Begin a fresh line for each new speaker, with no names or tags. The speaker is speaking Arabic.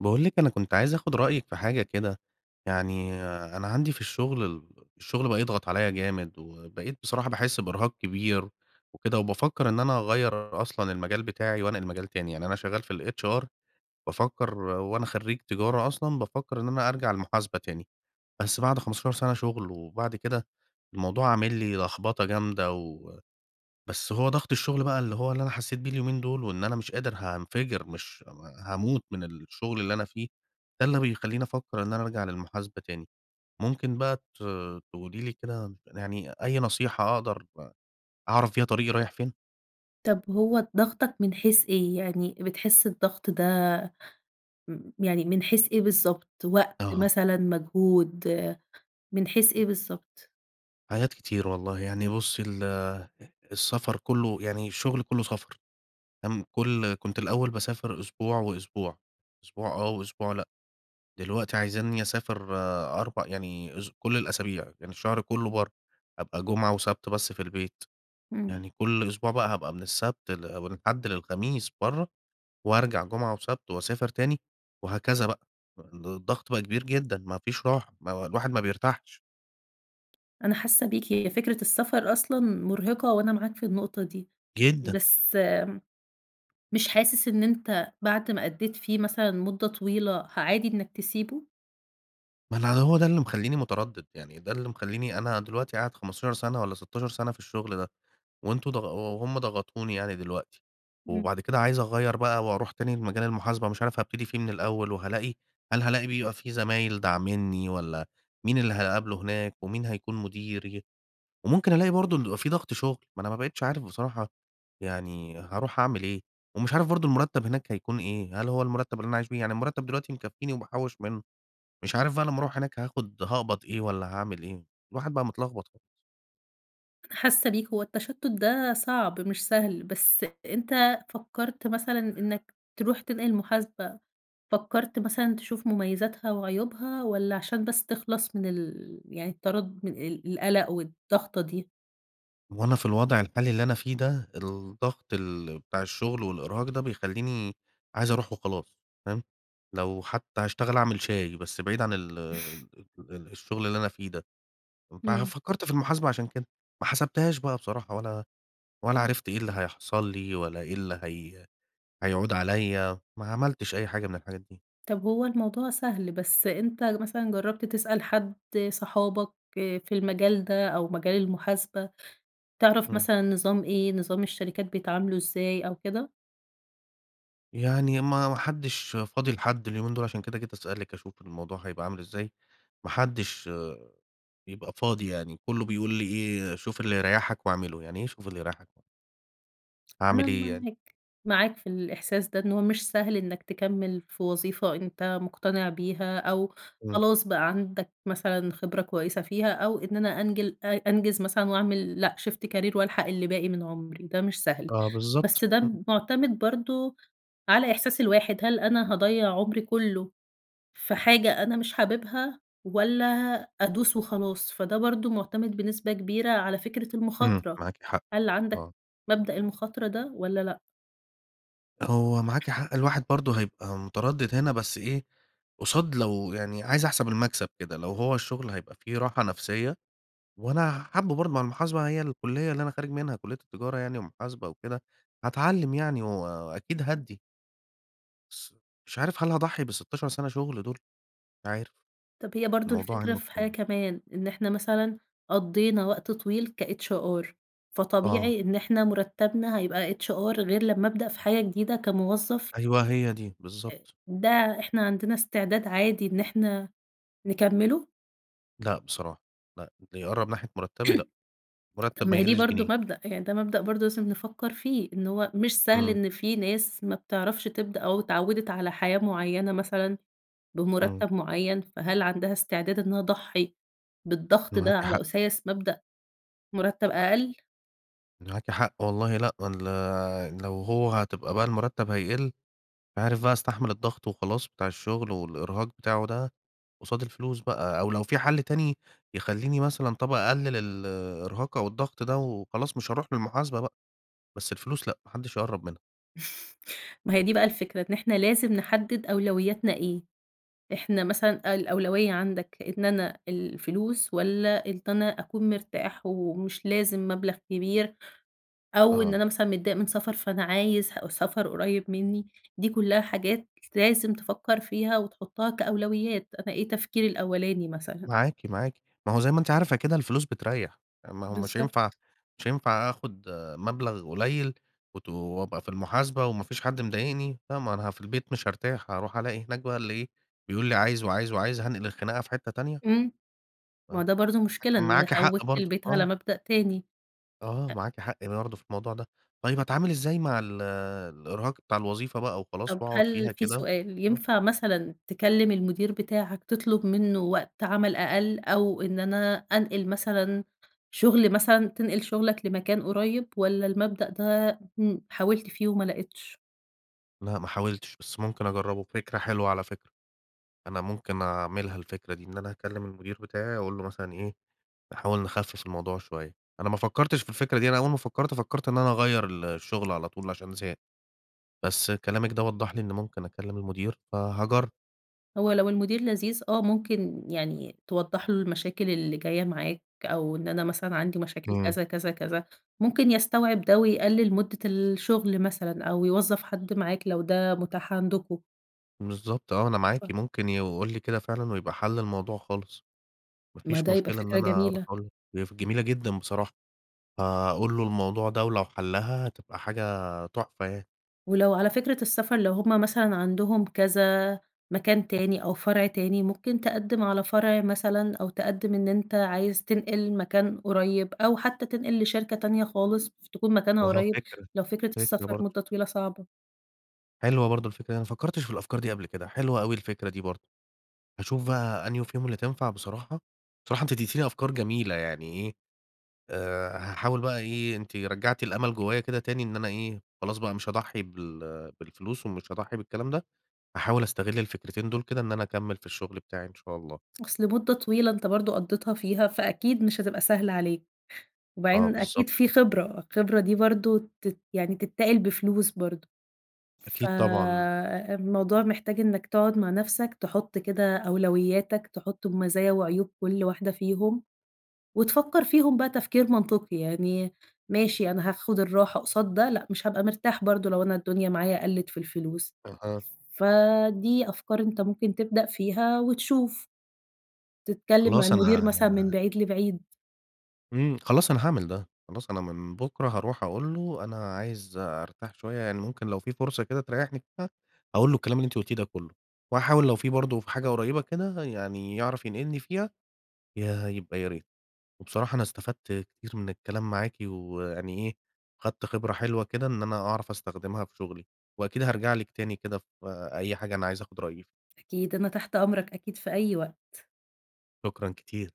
باقول لِك أنا كنت عايز آخُد رأيِك في حاجة كده، يعني أنا عندي في الشُغل ال الشغل بقى يضغط عليّا جامد، وبقيت بصراحة باحس بإرهاق كبير وكده، وبافكّر إن أنا أغيّر أصلًا المجال بتاعي وأنقل مجال تاني يعني أنا شغّال في الHR بافكّر هو أنا خرّيج تجارة أصلًا بافكّر إن أنا أرجع المحاسبة تاني بس بعد 15 سَنة شُغل، وبعد كده الموضوع عامل لي لخبطة جامدة، و بس هو ضغط الشُغل بقى اللي هو اللي أنا حسّيت بيه اليومين دُول وإن أنا مش قادر هانفجر، مش هاموت من الشُغل اللي أنا فيه، ده اللي بيخلّيني أفكّر إن أنا أرجع للمحاسبة تاني ممكن بقى ت تقولي لي كده يعني أي نصيحة أقدر أعرف بيها طريقي رايح فين.
طَب هو ضاغطك من حيث إيه، يعني بتحس الضغط ده م يعني من حيث إيه بالضبط، وقت
أها.
مثلًا، مجهود من حيث إيه بالضبط؟
حاجات كتير والله يعني بُصّي ال السَفر كلّه يعني الشُغل كلّه سَفر تم كل كنت الأول باسافر أسبوع وأسبوع أسبوع آه، وأسبوع لأ. دلوقتي عايزينّي أسافر أربع يعني أس كل الأسابيع يعني الشهر كلّه برّا، أبقى جمعة وسَبت بس في البيت
إمم.
يعني كل أسبوع بقى هابقى من السَبت ل من الحد للخميس برّا، وأرجع جُمعة وسَبت وأسافر تاني، وهكذا بقى، فالضغط بقى كبير جدًا ما فيش راحة ما و الواحد ما بيرتاحش.
أنا حاسة بيك، هي فكرة السفر أصلًا مرهقة وأنا معاك في النقطة دي.
جدًا.
بس مش حاسس إن أنت بعد ما أدّيت فيه مثلًا مدة طويلة عادي إنك تسيبه؟
ما أنا هو ده اللي مخليني متردد، يعني ده اللي مخليني أنا دلوقتي قاعد 15 سَنة والّا 16 سَنة في الشغل ده، وأنتم ضاغ وهُم ضغطوني يعني دلوقتي.
إمم.
وبعد كده عايز أغيّر بقى وأرُوح تاني لمجال المحاسبة، مش عارف هابتدي فيه من الأول وهالاقي هل هالاقي بيبقى في زمايل داعمني، والّا مين اللي هاقابله هناك، ومين هيكُون مديري؟ وممكن ألاقي برضه إن بيبقى في ضغط شغل. ما أنا ما بقيتش عارف بصراحة يعني هارُوح أعمل إيه؟ ومش عارف برضه المُرتب هناك هيكُون إيه، هل هو المُرتب اللي أنا عايش بيه؟ يعني المُرتب دلوقتي مكفيني وباحوّش منه. مش عارف بقى لمّا أرُوح هناك هاخد هاقبض إيه والّا هاعمل إيه؟ الواحد بقى متلخبط خ
حاسة بيك، هو التشتت ده صعب مش سهل، بس أنت فكرت مثلًا إنك ترُوح تنقل محاسبة؟ فكرت مثلًا تشوف مميزاتها وعيوبها والّا عشان بس تخلَص من ال يعني التردد من ال-القلق والضغطة دي؟
وأنا في الوضع الحالي اللي أنا فيه ده، الضغط ال بتاع الشغل والإرهاق ده بيخليني عايز أروح وخلاص. فاهم؟ لو حتى هاشتغل أعمل شاي، بس بعيد عن ال ال الشغل اللي أنا فيه ده. فأنا
امم.
فكرت في المحاسبة عشان كده. ما حسبتهاش بقى بصراحة، ولا ولا عرفت إيه اللي هيحصل لي، والَّا إيه اللي هي هيعود عليّا. ما عملتش أي حاجة من الحاجات دي.
طب هو الموضوع سهل، بس أنت مثلًا جربت تسأل حد، صحابك، آآ، في المجال ده أو مجال المحاسبة تعرف
امم.
مثلًا نظام إيه، نظام الشركات بيتعاملوا إزاي أو كده؟
يعني ما ما حدش فاضي لحد اليومين دول، عشان كده جيت أسألِك أشوف الموضوع هيبقى عامل إزاي. ما حدش، بيبقى فاضي يعني. كله بيقول لي إيه؟ شوف اللي يريحك واعمله. يعني إيه شوف اللي يريحك؟
أنا
أعمل إيه يعني؟
معاك، معاك في الإحساس ده إن هو مش سهل إنك تكمل في وظيفة أنت مقتنع بيها أو
امم.
خلاص بقى عندك مثلًا خبرة كويسة فيها، أو إن أنا أنجل أ أنجز مثلًا وأعمل لأ، shift career وألحق اللي باقي من عمري، وده مش سهل.
آه بالضبط.
بس ده
امم.
معتمد برضو على إحساس الواحد، هل أنا هاضيّع عمري كله في حاجة أنا مش حاببها والّا أدوس وخلاص؟ فده برضو معتمد بنسبة كبيرة على فكرة
امم،
المخاطرة.
معاكِ حق.
هل عندك
آه.
مبدأ المخاطرة ده والَّا لأ؟
هو معاكِ حق، الواحد برضه هيبقى متردد هنا بس إيه، قصاد لو يعني عايز احسَب المكسب كده لو هو الشُغل هيبقى فيه راحة نَفْسية، وأنا حابُه برضه مع المحاسبة هي الكلّية اللي أنا خارج منها كلّية التجارة يعني ومحاسبة وكده، هاتعلّم يعني و وأكيد هادّي. بس مش عارف هل هاضحّي بال16 سنة شُغل دُول؟ عارف.
طَب هي برضه
الموضوع
الفكرة في حاجة
[unintelligible]
كمان، إن إحنا مثلًا قضّينا وقت طويل كhr
آه.
فطبيعي إن إحنا مرتّبنا هيبقى hr غير لمّا ابدأ في حاجة جديدة كموظف
أيوه، هي دي
آآ
بالضبط.
ده إحنا عندنا استعداد عادي إن إحنا نكمّله؟
لأ بصراحة، لأ اللي يقرّب ناحية مرتّبي لأ.
طَب
المرتّب
ما
ما
هي دي
يقلّش
برضه
جنيه.
مبدأ، يعني ده مبدأ برضه لازم نفكّر فيه، إن هو مش سهل
إمم.
إن في ناس ما بتعرفش تبدأ أو اتعوّدت على حياة معيّنة مثلًا
إمم.
بمرتّب معيّن، فهل عندها استعداد إن أنا اضحّي بالضغط ده
معاكِ
على
حق.
أُساس مبدأ مرتّب أقل؟
معاكِ حق، والله لأ، وال لو هو هتبقى بقى المرتّب هيقِل مش عارف بقى هاستحمل الضغط وخلاص بتاع الشُغل والإرهاق بتاعه ده قصاد الفلوس بقى، أو لو في حَل تاني يخلّيني مثلًا طَب أقلل الإرهاق أو الضغط ده وخلاص مش هاروح للمحاسبة بقى، بس الفلوس لأ ما حدش يقرّب منها.
ما هي دي بقى الفكرة، إن إحنا لازم نحدد أولوياتنا إيه. إحنا مثلًا الأولوية عندك إن أنا الفلوس والّا إن ت أنا أكُون مرتاح ومش لازم مَبلغ كبير، أو إن
آه.
أنا مثلًا متضايق من سفر فأنا عايز سفر قُريب مني؟ دي كُلّها حاجات لازم تفكر فيها، وتحطها كأولويات، أنا إيه تفكيري الأولاني مثلًا.
معاكِ، معاكِ. ما هو زَي ما أنتِ عارفة كده الفلوس بترّيح. ما هو مش هينفع
بالضبط.
مش هينفع آخد مبلغ قليل وت وأبقى في المحاسبة وما فيش حد مضايقني. فما أنا في البيت مش هارتاح، هارُوح ألاقي هناك بقى اللي إيه، بيقول لي عايز، وعايز، وعايز، هانقل الخناقة في حتّة تانية؟
إمم. ما هو
آه،
ده برضه مشكلة،
لكن
إن
معاكِ حق
عوّدت
برضه.
البيت على
آه.
مبدأ تاني.
آه،
أ
معاكِ حق برضه في الموضوع ده. طيب أتعامل إزاي مع ال الإرهاق بتاع الوظيفة بقى وخلاص
طَب
وأقعد
هل
فيها
في
كده؟
سؤال،
آه.
ينفع مثلًا تكلم المدير بتاعك تطلب منه وقت عمل أقل أو إن أنا أنقل مثلًا شغل مثلًا تنقل شغلك لمكان قُريب، والّا المبدأ ده، إمم، حاولت فيه وما لقيتش؟
لأ، ما حاولتش، بس ممكن أجرّبه فكرة حلوة على فكرة، أنا ممكن أعملها الفكرة دي، إن أنا هاكلم المدير بتاعي وأقول له مثلًا إيه؟ نحاول نخفف الموضوع شوية أنا ما فكّرتش في الفكرة دي، أنا أول ما فكّرت، فكّرت إن أنا أغيّر ال الشُغل على طول عشان زهقت، بس كلامِك ده وضّح لي إن ممكن أكلّم المدير فهاجرّب.
هو لو المدير لذيذ، آه ممكن يعني توضّح له المشاكل اللي جاية معاك أو إن أنا مثلًا عندي مشاكل
إمم.
كذا، كذا، كذا ممكن يستوعب ده ويقلل مدّة الشُغل مثلًا أو يوظّف حد معاك لو ده متاح عندكم.
بالضبط آه، أنا معاكِ
[unintelligible]
ممكن يقول لي كده فعلًا ويبقى حَل الموضوع خالص. ما
ما
فيش
ده هيبقى
مشكلة إن
فكرة
أنا أروح
جميلة.
أقول له هي ف جميلة جدًا بصراحة. هاقول له الموضوع ده ولو حلّها هتبقى حاجة تحفة يعني.
ولو على فكرة السَفر، لو هُم مثلًا عندهم كذا مكان تاني أو فرع تاني، ممكن تقدّم على فرع مثلًا أو تقدّم إن أنت عايز تنقل مكان قريّب أو حتى تنقل لشركة تانية خالص ف تكون مكانها
أها
قريّب،
فكرة،
لو فكرة
فكرة
السفر
برضه.
مدّة طويلة صعبة.
حلوة برضه الفكرة دي أنا ما فكّرتش في الأفكار دي قبل كده، حلوة أوي الفكرة دي برضه. هاشوف بقى أنهو فيهم اللي تنفع بصراحة، بصراحة أنتِ اديتيني أفكار جميلة يعني إيه، آآ هاحاول بقى إيه، أنتِ رجّعتِ الأمل جوّايا كده تاني، إن أنا إيه، خلاص بقى مش هاضحّي بال بالفلوس ومش هاضحّي بالكلام ده، هاحاول أستغل الفكرتين دُول كده إن أنا أكمّل في الشُغل بتاعي إن شاء الله.
أصل مُدّة طويلة أنت برضه قضّيتها فيها، فأكيد مش هتبقى سهلة عليك.
آه
وبعدين
بالضبط.
أكيد في خبرة، الخبرة دي برضه تت يعني تتاقِل بفلوس برضه،
أكيد طبعًا.
فالموضوع محتاج إنّك تقعُد مع نَفْسك، تحُط كده أولوياتك، تحُط ب مزايا وعيوب كل واحدة فيهم، وتفكّر فيهم بقى تفكير منطقي، يعني ماشي أنا هاخد الراحة قصاد ده لأ، مش هابقى مرتاح برضه لو أنا الدنيا معايا قلّت في الفلوس.
أها.
فدي أفكار أنت ممكن تبدأ فيها، وتشوف. تتكلم مع
خلاص
المدير
أنا
مثلًا من بعيد لبعيد.
إمم، خلاص أنا هاعمل ده. خلاص أنا من بُكره، هاروح أقول له أنا عايز أرتاح شوية يعني ممكن لو في فرصة كده تريّحني فيها، هاقول له الكلام اللي أنتِ قُلتيه ده كلّه وهاحاول لو في برضه في حاجة قريّبة كده يعني يعرف ينقلني فيها ياه! يبقى يا ريت. وبصراحة أنا استفدت كتير من الكلام معاكِ ويعني إيه خدت خبرة حلوة كده إن أنا أعرف أستخدمها في شُغلي، وأكيد هارجع لِك تاني كده في أي حاجة أنا عايز آخُد رأيِك ف
أكيد، أنا تحت أمرك أكيد في أي وقت.
شكرًا كتير.